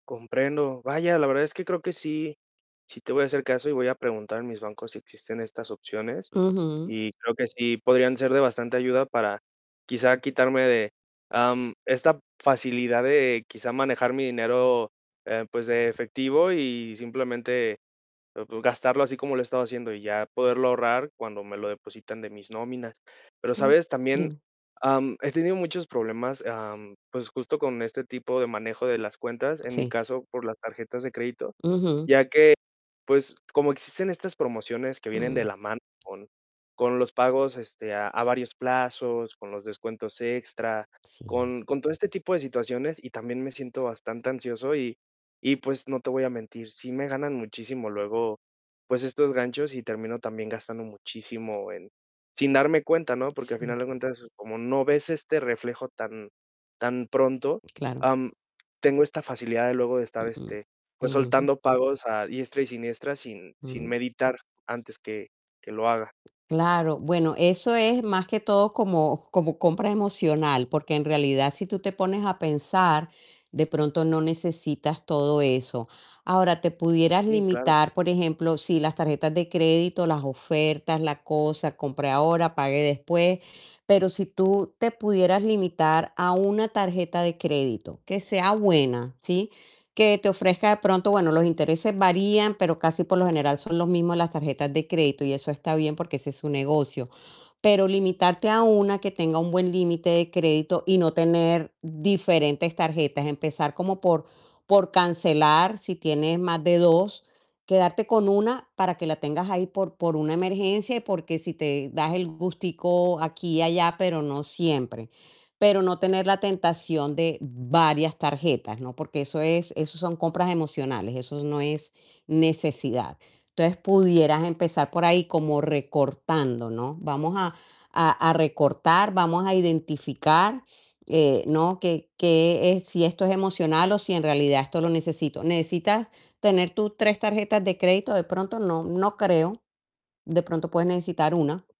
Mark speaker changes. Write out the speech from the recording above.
Speaker 1: Comprendo. Vaya, la verdad es que creo que sí, sí te voy a hacer caso y voy a preguntar en mis bancos si existen estas opciones
Speaker 2: Ujú.
Speaker 1: y creo que sí podrían ser de bastante ayuda para quizá quitarme de, am, esta facilidad de quizá manejar mi dinero, eh, pues de efectivo y simplemente pues gastarlo así como lo he estado haciendo, y ya poderlo ahorrar cuando me lo depositan de mis nóminas. Pero,
Speaker 2: Claro.
Speaker 1: ¿sabes?, también,
Speaker 2: Dime.
Speaker 1: am, he tenido muchos problemas, am, pues justo con este tipo de manejo de las cuentas, en mi
Speaker 2: Sí.
Speaker 1: caso por las tarjetas de crédito,
Speaker 2: Ujú.
Speaker 1: ya que, pues, como existen estas promociones que vienen
Speaker 2: Mm.
Speaker 1: de la mano con con los pagos, este, a a varios plazos, con los descuentos extra,
Speaker 2: Sí.
Speaker 1: con con todo este tipo de situaciones y también me siento bastante ansioso y y pues, no te voy a mentir, sí me ganan muchísimo luego, pues estos ganchos y termino también gastando muchísimo en sin darme cuenta, ¿no? Porque al final
Speaker 2: Sí.
Speaker 1: de cuentas, como no ves este reflejo tan tan pronto,
Speaker 2: Claro.
Speaker 1: am, tengo esta facilidad de luego de estar,
Speaker 2: Uh.
Speaker 1: este, pues
Speaker 2: Ujú.
Speaker 1: soltando pagos a diestra y siniestra, sin sin
Speaker 2: Mm.
Speaker 1: meditar antes que que lo haga.
Speaker 2: Claro, bueno, eso es más que todo como como compra emocional, porque en realidad, si tú te pones a pensar, de pronto no necesitas todo eso. Ahora, te pudieras
Speaker 1: Sí, claro.
Speaker 2: limitar, por ejemplo, sí, las tarjetas de crédito, las ofertas, la cosa, compre ahora, pague después, pero si tú te pudieras limitar a 1 tarjeta de crédito que sea buena, ¿sí? Que te ofrezca, de pronto, bueno, los intereses varían, pero casi, por lo general, son los mismos las tarjetas de crédito y eso está bien, porque es su negocio. Pero limitarte a 1 que tenga un buen límite de crédito y no tener diferentes tarjetas, empezar como por por cancelar, si tienes más de 2, quedarte con una para que la tengas ahí por por una emergencia y porque si te das el gustico aquí y allá, pero no siempre. Pero no tener la tentación de varias tarjetas, ¿no? Porque eso es eso son compras emocionales, eso no es necesidad. Entonces pudieras empezar por ahí como recortando, ¿no? Vamos a a a recortar, vamos a identificar, eh, ¿no? Que qué es, si esto es emocional o si en realidad esto lo necesito. ¿Necesitas tener tú 3 tarjetas de crédito? De pronto, no no creo, de pronto puedes necesitar 1.